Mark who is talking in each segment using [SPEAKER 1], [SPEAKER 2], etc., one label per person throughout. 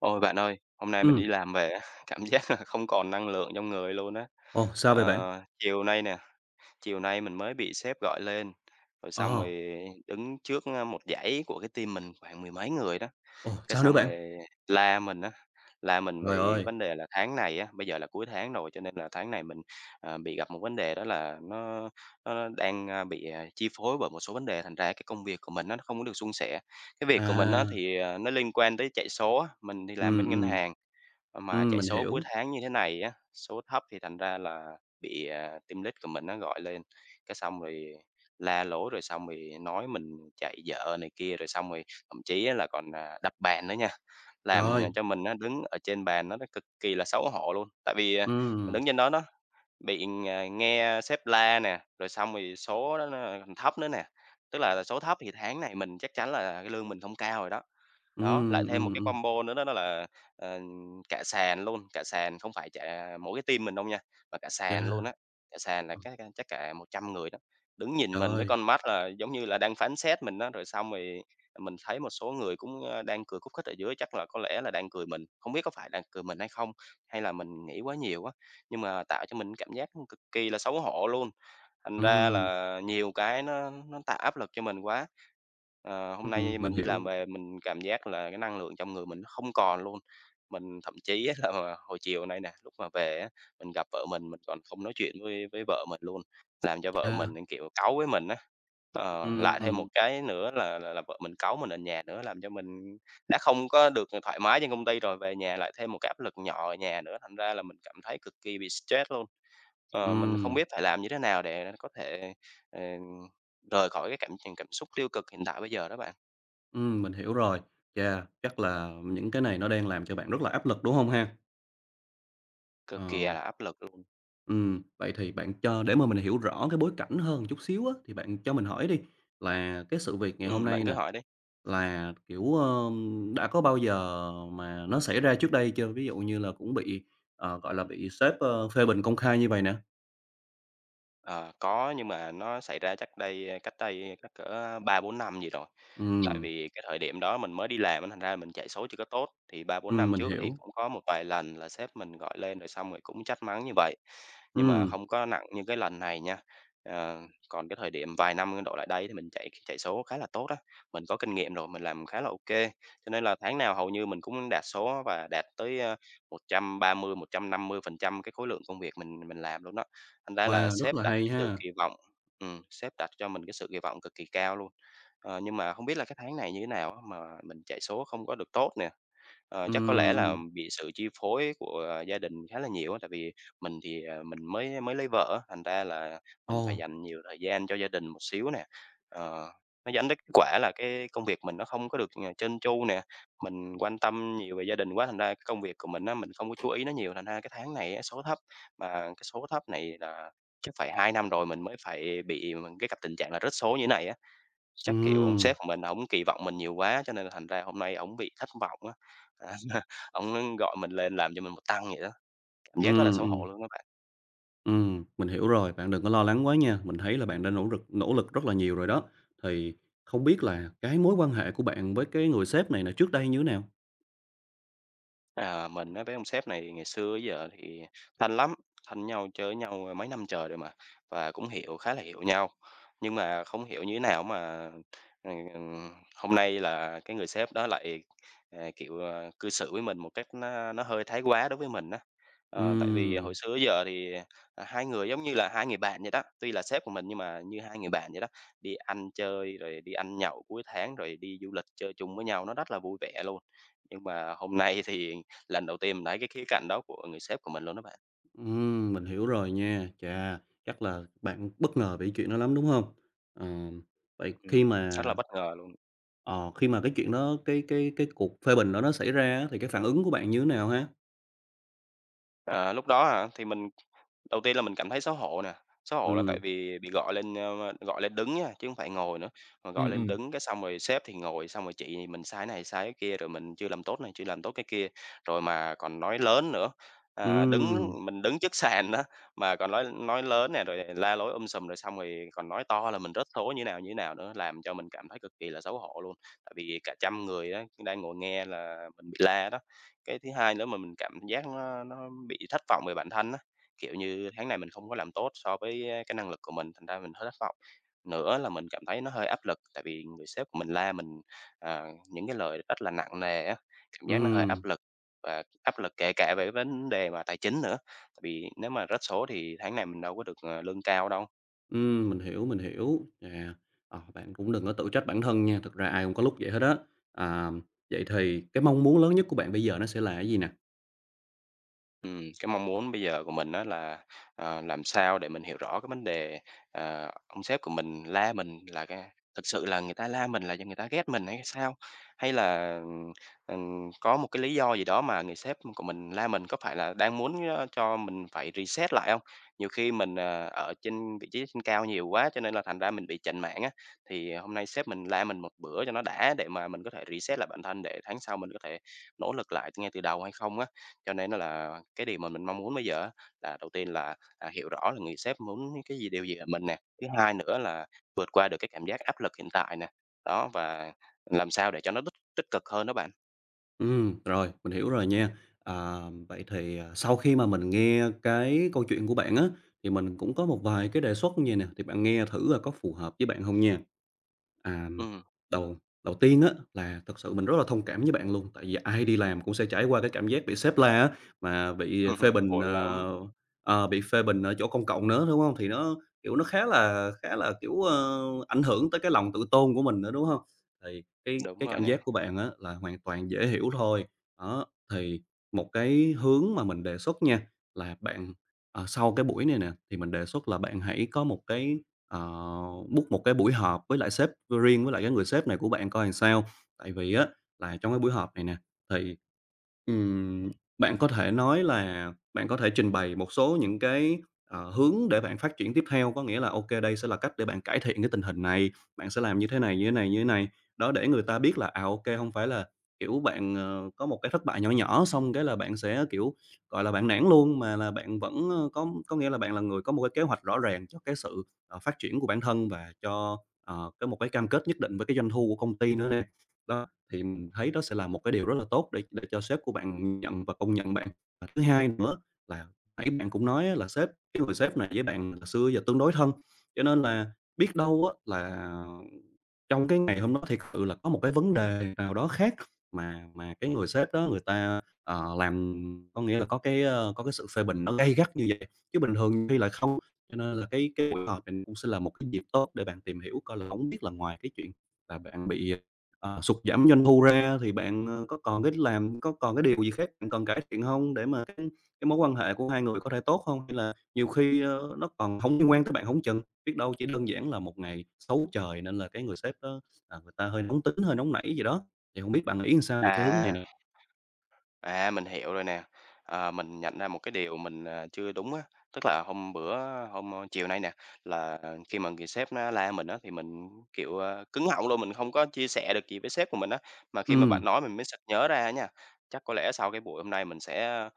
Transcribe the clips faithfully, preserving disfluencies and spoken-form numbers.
[SPEAKER 1] Ôi, bạn ơi, hôm nay mình đi
[SPEAKER 2] Ừm.
[SPEAKER 1] làm về á, cảm giác là không còn năng lượng trong người luôn á.
[SPEAKER 2] Ồ, sao vậy bạn?
[SPEAKER 1] Ờ, chiều nay nè, chiều nay mình mới bị sếp gọi lên, rồi xong
[SPEAKER 2] Ờ.
[SPEAKER 1] rồi đứng trước, ơ, một dãy của cái team mình khoảng mười mấy người đó,
[SPEAKER 2] Ồ,
[SPEAKER 1] cái
[SPEAKER 2] sao nữa
[SPEAKER 1] xong
[SPEAKER 2] bạn?
[SPEAKER 1] rồi la mình á, la mình
[SPEAKER 2] Giời
[SPEAKER 1] vì
[SPEAKER 2] ơi.
[SPEAKER 1] vấn đề là tháng này á, bây giờ là cuối tháng rồi, cho nên là tháng này mình, ờ, bị gặp một vấn đề đó là nó nó đang, ơ, bị chi phối bởi một số vấn đề thành ra cái công việc của mình á nó không có được suôn sẻ. Cái việc của mình á
[SPEAKER 2] À.
[SPEAKER 1] thì nó liên quan tới chạy số á, mình thì làm
[SPEAKER 2] Ừm,
[SPEAKER 1] bên ngân
[SPEAKER 2] ừm.
[SPEAKER 1] hàng, mà
[SPEAKER 2] Ừm,
[SPEAKER 1] chạy
[SPEAKER 2] mình
[SPEAKER 1] số cuối
[SPEAKER 2] hiểu.
[SPEAKER 1] tháng như thế này á, số thấp thì thành ra là bị, à, team lead của mình á gọi lên, cái xong rồi la lối, rồi xong rồi nói mình chạy dở này kia, rồi xong rồi thậm chí là còn, à, đập bàn nữa nha. Làm
[SPEAKER 2] Trời!
[SPEAKER 1] cho mình á đứng ở trên bàn đó nó cực kỳ là xấu hổ luôn, tại vì, ờ, mình đứng
[SPEAKER 2] Ừm.
[SPEAKER 1] trên đó đó bị ng nghe sếp la nè, rồi xong rồi số đó nó thấp nữa nè, tức là số thấp thì tháng này mình chắc chắn là cái lương mình không cao rồi đó. Đó,
[SPEAKER 2] Ừm,
[SPEAKER 1] lại thêm
[SPEAKER 2] ừm,
[SPEAKER 1] một cái
[SPEAKER 2] ừm.
[SPEAKER 1] combo nữa đó đó là, ờ, cả sàn luôn, cả sàn không phải chả mỗi cái team mình đâu nha, mà cả
[SPEAKER 2] Chà!
[SPEAKER 1] sàn luôn á, cả sàn là
[SPEAKER 2] Ờ.
[SPEAKER 1] các, a, chắc cả một trăm người đó, đứng nhìn mình với
[SPEAKER 2] Trời!
[SPEAKER 1] con mắt là giống như là đang phán xét mình á. Rồi xong rồi mình thấy một số người cũng, ơ, đang cười khúc khích ở dưới chắc là có lẽ là đang cười mình. Không biết có phải đang cười mình hay không? Hay là mình nghĩ quá nhiều á, nhưng mà tạo cho mình cảm giác, ưm, cực kỳ là xấu hổ luôn. Thành ra
[SPEAKER 2] Ừm.
[SPEAKER 1] là nhiều cái nó nó tạo áp lực cho mình quá. Ờ, hôm
[SPEAKER 2] Ừm,
[SPEAKER 1] nay
[SPEAKER 2] mình
[SPEAKER 1] mình đi làm
[SPEAKER 2] hiểu.
[SPEAKER 1] về mình cảm giác là cái năng lượng trong người mình nó không còn luôn. Mình thậm chí á, là hồi chiều nay nè, lúc mà về á, mình gặp vợ mình, mình còn không nói chuyện với với vợ mình luôn, làm cho vợ mình
[SPEAKER 2] Chà.
[SPEAKER 1] nẫn, kiểu, cáu với mình á. Ờ, lại thêm một
[SPEAKER 2] Ừm.
[SPEAKER 1] cái nữa là là là vợ mình cáu mình ở nhà nữa, làm cho mình đã không có được, ờ, thoải mái trên công ty rồi, về nhà lại thêm một cái áp lực nhỏ ở nhà nữa, thành ra là mình cảm thấy cực kỳ bị stress luôn. Ờ, mình không
[SPEAKER 2] Ừm.
[SPEAKER 1] biết phải làm như thế nào để có thể, ờ, rời khỏi cái cảm cảm xúc tiêu cực hiện tại bây giờ đó bạn?
[SPEAKER 2] Ừm, mình hiểu rồi. Yeah, chắc là những cái này nó đang làm cho bạn rất là áp lực, đúng hông ha?
[SPEAKER 1] Cực kỳ
[SPEAKER 2] Ờ.
[SPEAKER 1] là áp lực luôn.
[SPEAKER 2] Ừm. Vậy thì bạn cho để mà mình hiểu rõ cái bối cảnh hơn một chút xíu á, thì bạn cho mình hỏi đi, là cái sự việc ngày hôm
[SPEAKER 1] Ừm, bạn
[SPEAKER 2] nay
[SPEAKER 1] cứ
[SPEAKER 2] nè,
[SPEAKER 1] hỏi đi.
[SPEAKER 2] là, kiểu, ưm, đã có bao giờ mà nó xảy ra trước đây chưa? Ví dụ như là cũng bị, ờ, gọi là, bị sếp, ơ, phê bình công khai như vầy nè.
[SPEAKER 1] Ờ, có, nhưng mà nó xảy ra chắc đây, ơ cách đây chắc cỡ ba bốn năm gì rồi, tại
[SPEAKER 2] Ừm.
[SPEAKER 1] vì cái thời điểm đó mình mới đi làm á, thành ra mình chạy số chưa có tốt. Thì ba bốn
[SPEAKER 2] Ừm,
[SPEAKER 1] năm
[SPEAKER 2] mình
[SPEAKER 1] trước thì
[SPEAKER 2] hiểu.
[SPEAKER 1] cũng có một vài lần là sếp mình gọi lên rồi xong rồi cũng trách mắng như vậy, nhưng mà
[SPEAKER 2] Ừm.
[SPEAKER 1] không có nặng như cái lần này nha. Ờ, còn cái thời điểm vài năm, ơ, đổ lại đây thì mình chạy chạy số khá là tốt á, mình có kinh nghiệm rồi mình làm khá là ô kê, cho nên là tháng nào hầu như mình cũng đạt số và đạt tới, ơ, một trăm ba mươi một trăm năm mươi phần trăm cái khối lượng công việc mình mình làm luôn đó. Thành ra là
[SPEAKER 2] Wow, rất
[SPEAKER 1] sếp
[SPEAKER 2] là
[SPEAKER 1] đặt
[SPEAKER 2] hay
[SPEAKER 1] cái sự
[SPEAKER 2] ha!
[SPEAKER 1] kỳ vọng ừm, sếp đặt cho mình cái sự kỳ vọng cực kỳ cao luôn. Ờ, nhưng mà hông biết là cái tháng này như thế nào á mà mình chạy số không có được tốt nè. Ờ, chắc có lẽ
[SPEAKER 2] Ừm,
[SPEAKER 1] là
[SPEAKER 2] ừm.
[SPEAKER 1] bị sự chi phối của gia đình khá là nhiều á, tại vì mình thì, ờ, mình mới mới lấy vợ á, thành ra là mình phải
[SPEAKER 2] Ồ!
[SPEAKER 1] dành nhiều thời gian cho gia đình một xíu nè. Ờ, nó dẫn đến kết quả là cái công việc mình nó không có được, ờ, trơn tru nè. Mình quan tâm nhiều về gia đình quá, thành ra cái công việc của mình á, mình không có chú ý nó nhiều, thành ra cái tháng này á số thấp. Mà cái số thấp này là chắc phải hai năm rồi mình mới phải bị mà cái gặp tình trạng là rớt số như thế này á. Chắc kiểu ông
[SPEAKER 2] Ừm.
[SPEAKER 1] sếp của mình ổng kỳ vọng mình nhiều quá cho nên thành ra hôm nay ổng bị thất vọng á, ổng, ưm, gọi mình lên làm cho mình một tăng vậy đó. Cảm giác rất là
[SPEAKER 2] Ừm,
[SPEAKER 1] xấu hổ
[SPEAKER 2] ừm.
[SPEAKER 1] luôn á bạn.
[SPEAKER 2] Ừm, mình hiểu rồi, bạn đừng có lo lắng quá nha. Mình thấy là bạn đã nỗ rực nỗ lực rất là nhiều rồi đó. Thì không biết là cái mối quan hệ của bạn với cái người sếp này này nè trước đây như thế nào?
[SPEAKER 1] À, mình á với ông sếp này ngày xưa đến giờ thì thân lắm, thân với nhau, chơi với nhau, ơ, mấy năm trời rồi mà và cũng hiểu khá là hiểu nhau. Nhưng mà không hiểu như thế nào mà, ừm, ừm, hôm nay là cái người sếp đó lại, ờ, kiểu, ờ, cư xử với mình một cách nó nó hơi thái quá đối với mình á, ờ, tại vì hồi
[SPEAKER 2] Ừm.
[SPEAKER 1] xưa tới giờ thì, ờ, hai người giống như là hai người bạn vậy đó. Tuy là sếp của mình nhưng mà như hai người bạn vậy đó, đi ăn chơi, rồi đi ăn nhậu cuối tháng rồi đi du lịch chơi chung với nhau, nó rất là vui vẻ luôn, nhưng mà hôm nay thì lần đầu tiên mình thấy cái khía cạnh đó của người sếp của mình luôn đó bạn.
[SPEAKER 2] Ừm, mình hiểu rồi nha. Chà. Chắc là bạn bất ngờ về cái chuyện đó lắm, đúng hông? Ừm. Vậy khi
[SPEAKER 1] Ừm,
[SPEAKER 2] mà
[SPEAKER 1] rất là bất ngờ luôn.
[SPEAKER 2] ờ, khi mà cái chuyện đó cái cái cái cuộc phê bình đó nó xảy ra á thì cái phản ứng của bạn như thế nào ha?
[SPEAKER 1] Ờ, lúc đó hả? Thì mình đầu tiên là mình cảm thấy xấu hổ nè, xấu hổ là tại
[SPEAKER 2] Ừm.
[SPEAKER 1] vì bị gọi lên, ơ, ơ, gọi lên đứng nha, chứ hông phải ngồi nữa, mà gọi
[SPEAKER 2] Ừm,
[SPEAKER 1] lên
[SPEAKER 2] ừm.
[SPEAKER 1] đứng cái xong rồi sếp thì ngồi, xong rồi chỉ mình sai này sai cái kia, rồi mình chưa làm tốt này, chưa làm tốt cái kia. Rồi mà còn nói lớn nữa, à, đứng
[SPEAKER 2] Ừm.
[SPEAKER 1] mình đứng trước sàn á mà còn nói nói lớn nè, rồi la lối um sùm, rồi xong rồi còn nói to là mình rớt số như nào như nào nữa, làm cho mình cảm thấy cực kỳ là xấu hổ luôn, tại vì cả trăm người á đang ngồi nghe là mình bị la đó. Cái thứ hai nữa mà mình cảm giác nó nó bị thất vọng về bản thân á, kiểu như, tháng này mình không có làm tốt so với, ơ, cái năng lực của mình, thành ra mình hơi thất vọng. Nữa là mình cảm thấy nó hơi áp lực, tại vì người sếp của mình la mình, ờ, những cái lời rất là nặng nề á. Cảm giác nó hơi áp
[SPEAKER 2] Ừm.
[SPEAKER 1] lực và áp lực kể cả về vấn đề mà tài chính nữa, tại vì nếu mà rớt số thì tháng này mình đâu có được, ờ, lương cao đâu.
[SPEAKER 2] Ừm, mình hiểu, mình hiểu. Nè, ờ, bạn cũng đừng có tự trách bản thân nha, thực ra ai cũng có lúc vậy hết đó. À, vậy thì cái mong muốn lớn nhất của bạn bây giờ nó sẽ là cái gì nè?
[SPEAKER 1] Ừm, cái mong muốn bây giờ của mình á là, ờ, làm sao để mình hiểu rõ cái vấn đề, ờ, ông sếp của mình la mình là ga thực sự là người ta la mình là do người ta ghét mình hay sao. Hay là, ừm, ừm, có một cái lý do gì đó mà người sếp của mình la mình, có phải là đang muốn, ơ, cho mình phải reset lại hông. Nhiều khi mình, ờ, ở trên vị trí trên cao nhiều quá, cho nên là thành ra mình bị chểnh mảng á, thì hôm nay sếp mình la mình một bữa cho nó đã để mà mình có thể reset lại bản thân, để tháng sau mình có thể nỗ lực lại ngay từ đầu hay không á. Cho nên đó là cái điều mà mình mong muốn bây giờ á là, đầu tiên là, à, hiểu rõ là người sếp muốn cái gì, điều gì ở mình nè, thứ hai nữa là vượt qua được cái cảm giác áp lực hiện tại nè. Đó, và làm sao để cho nó tích tích cực hơn đó bạn.
[SPEAKER 2] Ừm, rồi, mình hiểu rồi nha. À, vậy thì, ờ, sau khi mà mình nghe cái câu chuyện của bạn á, thì mình cũng có một vài cái đề xuất vầy nè, thì bạn nghe thử coi có phù hợp với bạn hông nha. À.
[SPEAKER 1] Ừm.
[SPEAKER 2] Đầu đầu tiên á là thực sự mình rất là thông cảm với bạn luôn, tại vì ai đi làm cũng sẽ trải qua cái cảm giác bị sếp la á, mà bị phê bình,
[SPEAKER 1] Buồn lắm!
[SPEAKER 2] ờ, ờ, bị phê bình ở chỗ công cộng nữa, đúng hông? Thì nó, kiểu, nó khá là khá là, kiểu, ơ, ảnh hưởng tới cái lòng tự tôn của mình nữa, đúng hông? Thì cái
[SPEAKER 1] Đúng
[SPEAKER 2] cái
[SPEAKER 1] rồi
[SPEAKER 2] cảm
[SPEAKER 1] nè.
[SPEAKER 2] giác của bạn á, là hoàn toàn dễ hiểu thôi. Đó, thì một cái hướng mà mình đề xuất nha, là bạn, ờ, sau cái buổi này nè thì mình đề xuất là bạn hãy có một cái, ờ, book một cái buổi họp với lại sếp riêng với lại cái người sếp này của bạn coi sao. Tại vì á là trong cái buổi họp này nè, thì, ừm, bạn có thể nói là bạn có thể trình bày một số những cái, ờ, hướng để bạn phát triển tiếp theo, có nghĩa là, ô kê, đây sẽ là cách để bạn cải thiện cái tình hình này, bạn sẽ làm như thế này, như thế này, như thế này. Đó, để người ta biết là, à, ô kê, hông phải là, kiểu, bạn, ờ, có một cái thất bại nhỏ nhỏ, xong cái là bạn sẽ, kiểu, gọi là, bạn nản luôn mà là bạn vẫn, ơ có có nghĩa là bạn là người có một cái kế hoạch rõ ràng cho cái sự, ờ, phát triển của bản thân và cho, ờ, có một cái cam kết nhất định với cái doanh thu của công ty nữa nè. Đó, thì mình thấy đó sẽ là một cái điều rất là tốt để để cho sếp của bạn nhìn nhận và công nhận bạn. Và thứ hai nữa là nãy bạn cũng nói á, là sếp cái người sếp này với bạn từ xưa giờ tương đối thân, cho nên là biết đâu á là trong cái ngày hôm đó thiệt sự là có một cái vấn đề nào đó khác mà mà cái người sếp đó người ta, ờ, làm có nghĩa là có cái, ơ, có cái sự phê bình nó gay gắt như vậy, chứ bình thường thì lại không. Cho nên là cái cái buổi họp này cũng sẽ là một cái dịp tốt để bạn tìm hiểu coi là hổng biết là ngoài cái chuyện mà bạn bị, ờ, sụt giảm doanh thu ra thì bạn, ơ, có còn cái làm có còn cái điều gì khác bạn cần cải thiện hông, để mà cái cái mối quan hệ của hai người có thể tốt không, hay là nhiều khi, ơ, nó còn hông liên quan tới bạn hổng chừng. Biết đâu chỉ đơn giản là một ngày xấu trời nên là cái người sếp đó là người ta hơi nóng tính, hơi nóng nảy gì đó. Thì hông biết bạn nghĩ sao về cái hướng này
[SPEAKER 1] À.
[SPEAKER 2] nè?
[SPEAKER 1] À, mình hiểu rồi nè. Ờ, mình nhận ra một cái điều mình, ờ, chưa đúng á, tức là hôm bữa, ơ, hôm, ơ, chiều nay nè là khi mà người sếp á la mình á, thì mình, ưm, kiểu, ơ, cứng họng luôn, mình không có chia sẻ được gì với sếp của mình á. Mà khi mà bạn
[SPEAKER 2] Ừm.
[SPEAKER 1] nói mình mới sực nhớ ra á nha. Chắc có lẽ sau cái buổi hôm nay mình sẽ, ơ,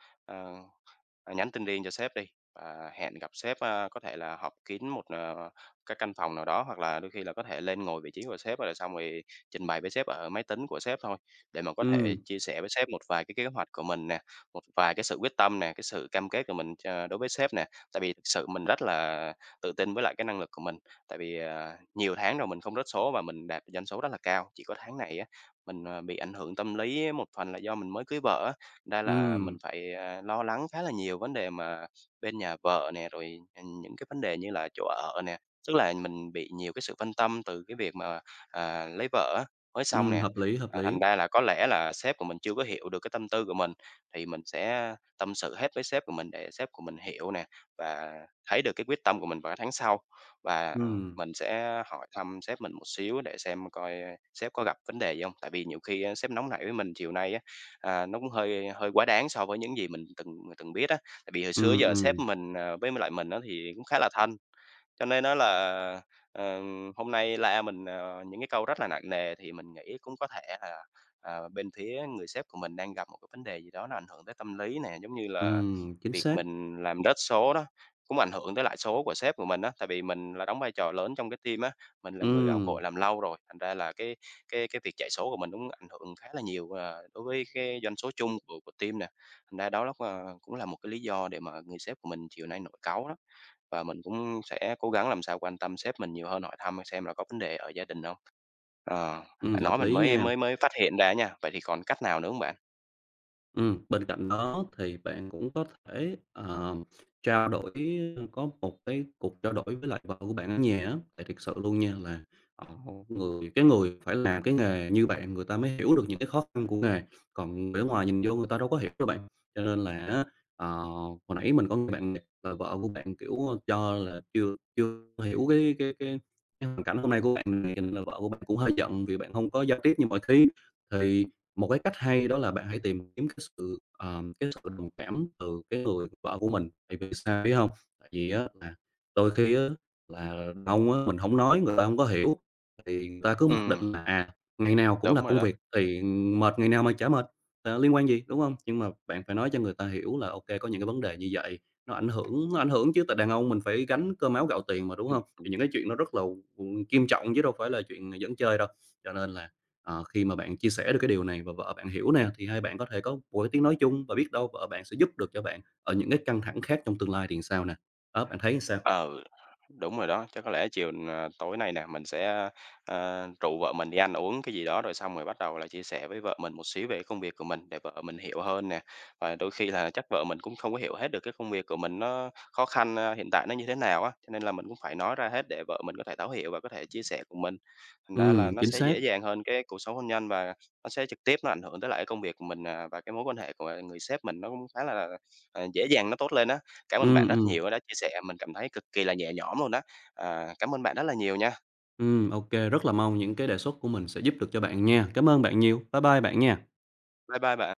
[SPEAKER 1] ờ, nhắn tin riêng cho sếp đi, ờ, hẹn gặp sếp, a, có thể là họp kín một, ờ, cái căn phòng nào đó, hoặc là đôi khi là có thể lên ngồi vị trí của sếp, rồi xong rồi trình bày với sếp ở máy tính của sếp thôi để mà có thể
[SPEAKER 2] Ừm.
[SPEAKER 1] chia sẻ với sếp một vài cái kế hoạch của mình nè, một vài cái sự quyết tâm nè, cái sự cam kết của mình cho đối với sếp nè. Tại vì thực sự mình rất là tự tin với lại cái năng lực của mình, tại vì, ờ, nhiều tháng rồi mình không rớt số và mình đạt doanh số rất là cao. Chỉ có tháng này á, mình, ờ, bị ảnh hưởng tâm lý á một phần là do mình mới cưới vợ á, ra là mình
[SPEAKER 2] Ừm.
[SPEAKER 1] phải, a, lo lắng khá là nhiều vấn đề mà bên nhà vợ nè, rồi, ừm, những cái vấn đề như là chỗ ở nè. Tức là mình bị nhiều cái sự phân tâm từ cái việc mà, à, lấy vợ á mới xong
[SPEAKER 2] Ừm,
[SPEAKER 1] nè,
[SPEAKER 2] hợp lý, hợp
[SPEAKER 1] ờ, thành
[SPEAKER 2] lý.
[SPEAKER 1] ra là có lẽ là sếp của mình chưa có hiểu được cái tâm tư của mình, thì mình sẽ tâm sự hết với sếp của mình để sếp của mình hiểu nè, và thấy được cái quyết tâm của mình vào tháng sau. Và
[SPEAKER 2] Ừm.
[SPEAKER 1] mình sẽ hỏi thăm sếp mình một xíu để xem coi, ơ, sếp có gặp vấn đề gì hông, tại vì nhiều khi á sếp nóng nảy với mình chiều nay á, à, nó cũng hơi hơi quá đáng so với những gì mình từng từng biết á. Tại vì hồi xưa tới
[SPEAKER 2] Ừm,
[SPEAKER 1] giờ sếp
[SPEAKER 2] ừm.
[SPEAKER 1] mình, ờ, với m lại mình á, thì cũng khá là thân, cho nên á là, ờ, ừm, hôm nay la mình, ờ, những cái câu rất là nặng nề thì mình nghĩ cũng có thể là, ờ, bên phía người sếp của mình đang gặp một cái vấn đề gì đó nó ảnh hưởng tới tâm lý nè. Giống như là
[SPEAKER 2] Ừm, chính
[SPEAKER 1] việc
[SPEAKER 2] xác.
[SPEAKER 1] mình làm rớt số đó, cũng ảnh hưởng tới lại số của sếp của mình á, tại vì mình là đóng vai trò lớn trong cái team á, mình là người gạo
[SPEAKER 2] Ừm.
[SPEAKER 1] cội làm lâu rồi, thành ra là cái cái cái việc chạy số của mình cũng ảnh hưởng khá là nhiều, ờ, đối với cái doanh số chung của của team nè, thành ra đó l ơ, cũng là một cái lý do để mà người sếp của mình chiều nay nổi cáu đó. Và mình cũng sẽ cố gắng làm sao quan tâm sếp mình nhiều hơn, hỏi thăm xem là có vấn đề ở gia đình hông. Ờ,
[SPEAKER 2] Ừm,
[SPEAKER 1] bạn nói
[SPEAKER 2] hợp
[SPEAKER 1] mình
[SPEAKER 2] lý
[SPEAKER 1] mới
[SPEAKER 2] nha.
[SPEAKER 1] mới mới phát hiện ra á nha. Vậy thì còn cách nào nữa hông bạn?
[SPEAKER 2] Ừm, bên cạnh đó thì bạn cũng có thể, ờm, trao đổi, ơ có một cái cuộc trao đổi với lại vợ của bạn ở nhà á, tại thiệt sự luôn nha, ờ, một người cái người phải làm cái nghề như bạn người ta mới hiểu được những cái khó khăn của nghề, còn để ngoài nhìn vô người ta đâu có hiểu đâu bạn. Cho nên là á, ờ, hồi nãy mình có nghe bạn nè là vợ của bạn, kiểu, ơ, cho là chưa chưa hiểu cái cái cái cái hoàn cảnh hôm nay của bạn mình kình là vợ của bạn cũng hơi giận vì bạn hông có giao tiếp như mọi khi, thì một cái cách hay đó là bạn hãy tìm kiếm cái sự, ờm, cái sự đồng cảm từ cái người vợ của mình. Tại vì sao biết hông? Tại vì á là đôi khi á là đàn ông á mình hổng nói, người ta hông có hiểu thì người ta cứ mặc
[SPEAKER 1] Ừm.
[SPEAKER 2] định là, à, ngày nào cũng là
[SPEAKER 1] Đúng rồi
[SPEAKER 2] công
[SPEAKER 1] đó.
[SPEAKER 2] việc thì, ừm, mệt ngày nào mà chả mệt, ờ, liên quan gì, đúng hông? Nhưng mà bạn phải nói cho người ta hiểu là ô kê có những cái vấn đề như vậy, nó ảnh hưởng ảnh hưởng chứ, tại đàn ông mình phải gánh cơm áo gạo tiền mà, đúng
[SPEAKER 1] Ừm.
[SPEAKER 2] hông? Thì
[SPEAKER 1] Đúng.
[SPEAKER 2] những cái chuyện nó rất là, ừm, nghiêm trọng chứ đâu phải là chuyện giỡn chơi đâu. Cho nên là, à, khi mà bạn chia sẻ được cái điều này và vợ bạn hiểu nè thì hai bạn có thể có một cái tiếng nói chung và biết đâu vợ bạn sẽ giúp được cho bạn ở những cái căng thẳng khác trong tương lai thì sao nè. Đó, bạn thấy sao?
[SPEAKER 1] Ờ. Đúng rồi đó, chắc có lẽ chiều, ờ, tối nay nè, mình sẽ, ơ, ơ, rủ vợ mình đi ăn uống cái gì đó, rồi xong rồi bắt đầu là chia sẻ với vợ mình một xíu về cái công việc của mình để vợ mình hiểu hơn nè. Và đôi khi là chắc vợ mình cũng không có hiểu hết được cái công việc của mình nó khó khăn, ơ, hiện tại nó như thế nào á, cho nên là mình cũng phải nói ra hết để vợ mình có thể thấu hiểu và có thể chia sẻ cùng mình. Thành ra là
[SPEAKER 2] Ừm,
[SPEAKER 1] nó
[SPEAKER 2] chính
[SPEAKER 1] sẽ
[SPEAKER 2] xác.
[SPEAKER 1] dễ dàng hơn cái cuộc sống hôn nhân và nó sẽ trực tiếp nó ảnh hưởng tới lại cái công việc của mình, à, và cái mối quan hệ của, à, người sếp mình nó cũng khá là, à, dễ dàng nó tốt lên á. Cảm ơn
[SPEAKER 2] Ừm,
[SPEAKER 1] bạn rất
[SPEAKER 2] ừm.
[SPEAKER 1] nhiều á đã chia sẻ, mình cảm thấy cực kỳ là nhẹ nhõm luôn á. Ờ, cảm ơn bạn rất là nhiều nha!
[SPEAKER 2] Ừ, ô kê, rất là mong những cái đề xuất của mình sẽ giúp được cho bạn nha. Cảm ơn bạn nhiều, bye bye bạn nha.
[SPEAKER 1] Bye bye bạn.